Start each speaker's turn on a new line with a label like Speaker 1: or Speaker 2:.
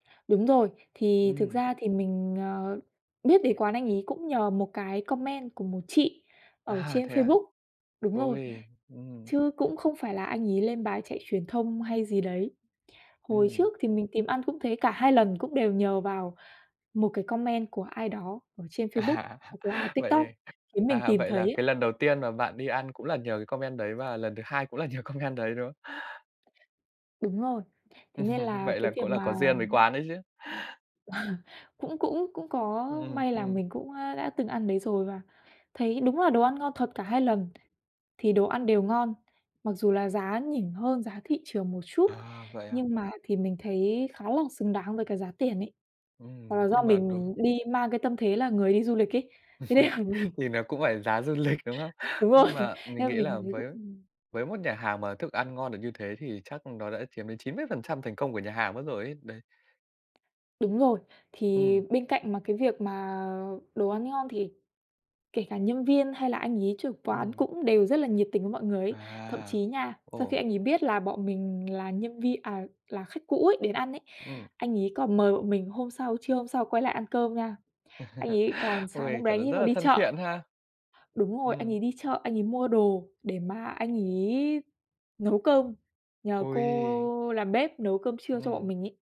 Speaker 1: Đúng rồi, thì thực
Speaker 2: Ừm.
Speaker 1: ra thì mình, ờ, biết đến quán anh ấy cũng nhờ một cái comment của một chị ở
Speaker 2: À,
Speaker 1: trên
Speaker 2: thế à?
Speaker 1: Facebook. Đúng rồi,
Speaker 2: Ôi, ừm.
Speaker 1: chứ cũng không phải là anh ấy lên bài chạy truyền thông hay gì đấy. Hồi
Speaker 2: Ừm.
Speaker 1: trước thì mình tìm ăn cũng thế, cả hai lần cũng đều nhờ vào một cái comment của ai đó ở trên
Speaker 2: À!
Speaker 1: Facebook hoặc là TikTok
Speaker 2: Vậy,
Speaker 1: khiến
Speaker 2: à,
Speaker 1: mình
Speaker 2: à,
Speaker 1: tìm
Speaker 2: vậy
Speaker 1: thấy
Speaker 2: là
Speaker 1: ấy.
Speaker 2: cái lần đầu tiên mà bạn đi ăn cũng là nhờ cái comment đấy và lần thứ hai cũng là nhờ comment đấy, đúng không?
Speaker 1: Đúng rồi, thế nên
Speaker 2: Ừm,
Speaker 1: là
Speaker 2: vậy
Speaker 1: cái
Speaker 2: là
Speaker 1: việc
Speaker 2: cũng là
Speaker 1: mà
Speaker 2: có duyên với quán đấy chứ.
Speaker 1: Cũng cũng cũng có
Speaker 2: Ừm, ừm,
Speaker 1: may là
Speaker 2: ừm.
Speaker 1: mình cũng đã từng ăn đấy rồi và thấy đúng là đồ ăn ngon thật cả hai lần thì đồ ăn đều ngon, mặc dù là giá nhỉnh hơn giá thị trường một chút
Speaker 2: À! Vậy à?
Speaker 1: nhưng mà thì mình thấy khá là xứng đáng với cái giá tiền ấy. Hoặc
Speaker 2: Ừm,
Speaker 1: là do
Speaker 2: nhưng mà đối
Speaker 1: mình đi mang cái tâm thế là người đi du lịch ấy, thế nên là mình
Speaker 2: Thì nó cũng phải giá du lịch, đúng không?
Speaker 1: Đúng rồi,
Speaker 2: Nhưng mà mình
Speaker 1: nên
Speaker 2: nghĩ
Speaker 1: mình
Speaker 2: là
Speaker 1: thấy
Speaker 2: với
Speaker 1: cũng ừm.
Speaker 2: với một nhà hàng mà thức ăn ngon được như thế thì chắc nó đã chiếm đến 90% thành công của nhà hàng mất rồi ấy, đấy.
Speaker 1: Đúng rồi, thì
Speaker 2: Ừm.
Speaker 1: bên cạnh mà cái việc mà đồ ăn ngon thì kể cả nhân viên hay là anh ấy trưởng quán
Speaker 2: Ừm.
Speaker 1: cũng đều rất là nhiệt tình với mọi người ấy. Thậm chí
Speaker 2: À!
Speaker 1: nha, sau khi
Speaker 2: Ồ!
Speaker 1: anh ấy biết là bọn mình là nhân vi à, là khách cũ ấy đến ăn ấy,
Speaker 2: Ừm.
Speaker 1: anh ấy còn mời bọn mình hôm sau, trưa hôm sau quay lại ăn cơm nha. Anh ấy còn sáng
Speaker 2: Ôi!
Speaker 1: hôm đấy
Speaker 2: Thật là
Speaker 1: anh ấy
Speaker 2: rất
Speaker 1: còn
Speaker 2: là
Speaker 1: đi
Speaker 2: thân
Speaker 1: chợ.
Speaker 2: thiện ha!
Speaker 1: Đúng rồi, anh
Speaker 2: Ừm.
Speaker 1: ấy đi chợ, anh ấy mua đồ để mà anh ấy nấu cơm nhờ
Speaker 2: Ôi!
Speaker 1: cô làm bếp nấu cơm trưa cho bọn
Speaker 2: Ừm.
Speaker 1: mình ấy.